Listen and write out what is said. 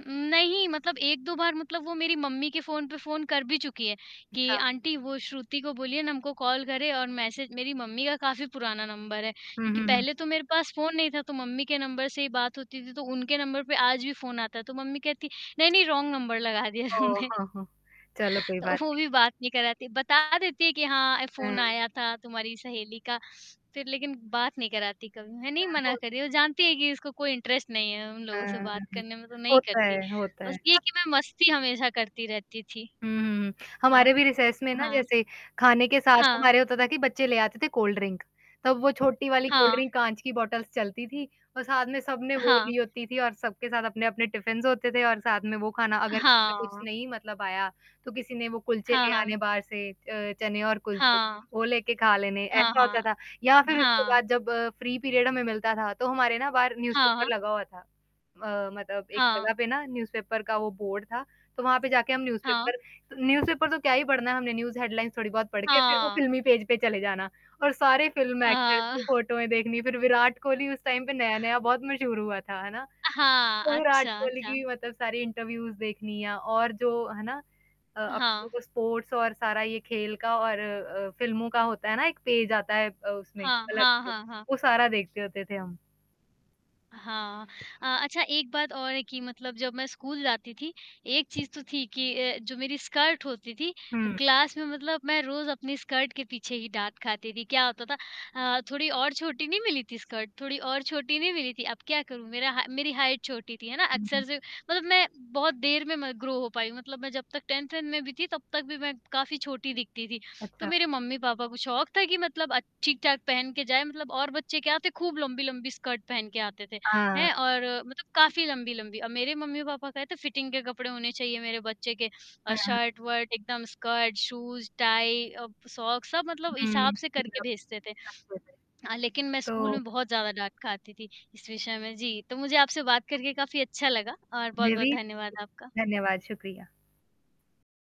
उम, नहीं मतलब 1-2 बार मतलब वो मेरी मम्मी के फ़ोन पे फ़ोन कर भी चुकी है, कि अच्छा। आंटी वो श्रुति को बोलिए ना हमको कॉल करें और मैसेज मेरी मम्मी का काफ़ी पुराना नंबर है। हुँ, क्योंकि हुँ, हुँ। पहले तो मेरे पास फ़ोन नहीं था, तो मम्मी के नंबर से ही बात होती थी, तो उनके नंबर पे आज भी फ़ोन आता है, तो मम्मी कहती, "नहीं-नहीं रॉन्ग नंबर लगा दिया ओह, तुमने।" हो, हो! चलो कोई तो बात वो नहीं। भी बात नहीं कराती, बता देती है कि हाँ, ए फ़ोन हुँ। आया था तुम्हारी सहेली का, फिर लेकिन बात नहीं कराती कभी, मैंने ही हाँ, मना हो करी, वो जानती है कि इसको कोई इंटरेस्ट नहीं है, उन हुँ, लोगों से हुँ, बात हुँ। करने में तो नहीं होता करती। है होता है। बस ये कि मैं मस्ती हमेशा करती रहती थी। हुँ, हुँ, हुँ। हमारे हाँ। भी रिसेस में ना हाँ। जैसे खाने के साथ हाँ। हमारे होता था कि बच्चे ले आते थे कोल्ड ड्रिंक। तब वो छोटी वाली कोल्ड हाँ। ड्रिंक काँच की बॉटल्स चलती थी और साथ में सबने वो हाँ। ली होती थी और सबके साथ अपने-अपने टिफिन्स होते थे और साथ में वो खाना अगर किसी का कुछ हाँ। नहीं मतलब आया, तो किसी ने वो कुलचे हाँ, ले हाँ। आने बाहर से अ, चने और कुलचे, हाँ। वो लेके खा लेने हाँ, ऐसा हाँ। होता था। या फिर उसके हाँ। बाद जब फ्री पीरियड हमें मिलता था, तो हमारे ना बाहर न्यूज़ हाँ, हाँ। पेपर लगा हुआ था। अ, मतलब एक हाँ। जगह पे ना न्यूज़ पेपर का वो बोर्ड था, तो वहाँ पे जाके हम न्यूज़ हाँ। पेपर त न्यूज़ पेपर तो क्या ही पढ़ना है हमने न्यूज़ हेडलाइन्स थोड़ी बहुत पढ़ के फिर वो हाँ। फ़िल्मी पेज पे चले जाना और सारे फ़िल्म अ एक्टर्स की अ फ़ोटोएँ देखनी, फिर विराट कोहली उस टाइम पे नया-नया बहुत मशहूर हुआ था, है ना? हाँ, तो विराट अच्छा, कोहली की अच्छा। भी मतलब सारे इंटरव्यूज़ देखनी और जो, है ना? अ, अपने हाँ। वो स्पोर्ट्स और सारा ये खेल का और अ, फ़िल्मों का होता है ना, एक पेज आता है अ, उसमें हाँ, अलग हाँ, से, हाँ, हाँ। वो सारा देखते होते थे हम। हाँ अ, अच्छा एक बात और है कि मतलब जब मैं स्कूल जाती थी, एक चीज़ तो थी कि अ, जो मेरी स्कर्ट होती थी, ह हुँ। क्लास में मतलब मैं रोज़ अपनी स्कर्ट के पीछे ही डाँट खाती थी, क्या होता था अ, थोड़ी और छोटी नहीं मिली थी स्कर्ट, थोड़ी और छोटी नहीं मिली थी, अब क्या करूँ? मेरा हाय मेरी हाइट छोटी थी, है ना? हुँ, हुँ। अक्सर से मतलब मैं बहुत देर में म ग्रो हो पाई मतलब मैं जब तक 10th वेंथ में भी थी, तब तक भी मैं काफ़ी छोटी दिखती थी। तो अच्छा। मेरे मम्मी-पापा को शौक़ था कि मतलब अच्छ ठीक-ठाक पहन के जाए मतलब और बच्चे क्या आते खूब लंबी-लंबी स्कर्ट पहन के आते थे, हाँ। हैं? और मतलब काफ़ी लंबी-लंबी और मेरे मम्मी-पापा कहते फिटिंग के कपड़े होने चाहिए मेरे बच्चे के अ, हाँ, हाँ। शर्ट-वर्ट एकदम स्कर्ट, शूज़ टाइ अ, प सॉक्स सब मतलब हिसाब हुँ, से करके भेजते थे। [unintelligible] हाँ, लेकिन मैं स्कूल तो में बहुत ज़्यादा डाँट खाती थी इस विषय में, जी, तो मुझे आपसे बात करके काफ़ी अच्छा लगा और मुझे बहुत-बहुत भी, धन्यवाद आपका। धन्यवाद, शुक्रिया।